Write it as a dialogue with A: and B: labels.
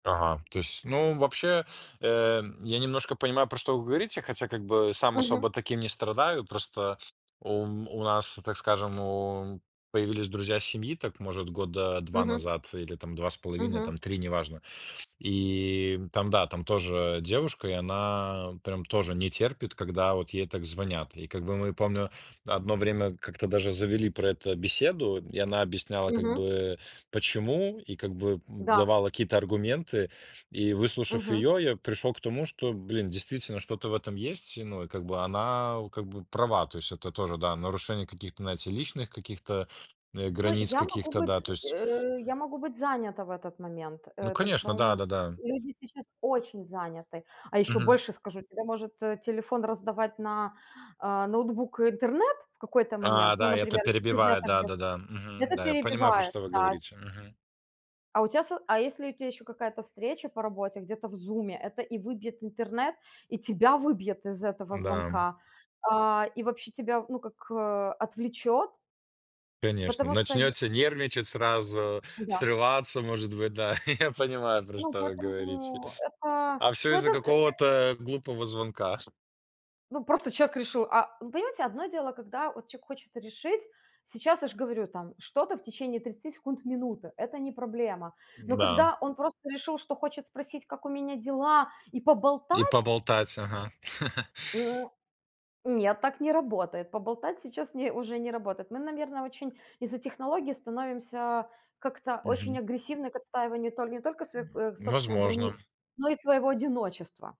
A: Ага, то есть, ну, вообще, э, я немножко понимаю, про что вы говорите, хотя как бы сам особо
B: Мгм.
A: таким не страдаю. Просто у у нас, так скажем, у появились друзья семьи, так, может, года 2
B: Мгм.
A: назад или там 2 с половиной
B: Мгм.
A: там, 3, неважно. И, м, там, да, там тоже девушка, и она прям тоже не терпит, когда вот ей так звонят. И как бы мы, помню, одно время как-то даже завели про это беседу, и она объясняла как
B: Мгм.
A: бы, почему, и как бы, м,
B: Да.
A: давала какие-то аргументы. И, выслушав
B: Мгм.
A: ее, я пришел к тому, что, блин, действительно что-то в этом есть, ну, и как бы она, у как бы права. То есть это тоже, да, нарушение каких-то, знаете, личных каких-то, э,
B: Ну,
A: границ
B: я могу
A: каких-то,
B: быть
A: да,
B: з
A: то есть.
B: э, я могу быть занята в этот момент,
A: Ну
B: э.
A: конечно,
B: Причём
A: да-да-да.
B: люди сейчас очень заняты. А ещё
A: Мгм.
B: больше скажу: тебе может, э, телефон раздавать на, а, ноутбук интернет в какой-то момент,
A: А,
B: ну,
A: да, это
B: например, если ты
A: перебивает,
B: где-то где-то
A: да-да-да, мгм,
B: где-то
A: да. Я понимаю, про
B: перебивает,
A: что вы
B: да.
A: говорите, мгм.
B: А у тя со а если у тя еще какая-то встреча по работе, где-то в "Зуме", это и выбьет интернет, и тебя выбьет из этого
A: М-да, м.
B: звонка, а, и вообще тебя, ну, как, а, отвлечет.
A: Конечно.
B: Потому что я
A: Начнёте нервничать сразу,
B: Да.
A: срываться, может быть, да. Я понимаю, про
B: Ну,
A: что вы говорите.
B: поэтому это,
A: А всё
B: ну, это,
A: из-за
B: э, эт
A: какого-то глупого звонка.
B: ну, просто человек решил, а ну, понимаете, одно дело, когда вот человек хочет решить. Сейчас, я ж говорю, там что-то в течение 30 секунд- минуты, это не проблема. Но
A: Да.
B: когда он просто решил, что хочет спросить, как у меня дела, и
A: И
B: поболтать.
A: поболтать, ага.
B: Ну, нет, так не работает. Поболтать сейчас не уже не работает. Мы, наверно, очень из-за технологий становимся как-то очень
A: Мгм.
B: агрессивны к отстаиванию толь не только своих,
A: М,
B: э, собственных границ,
A: возможно.
B: но и своего одиночества.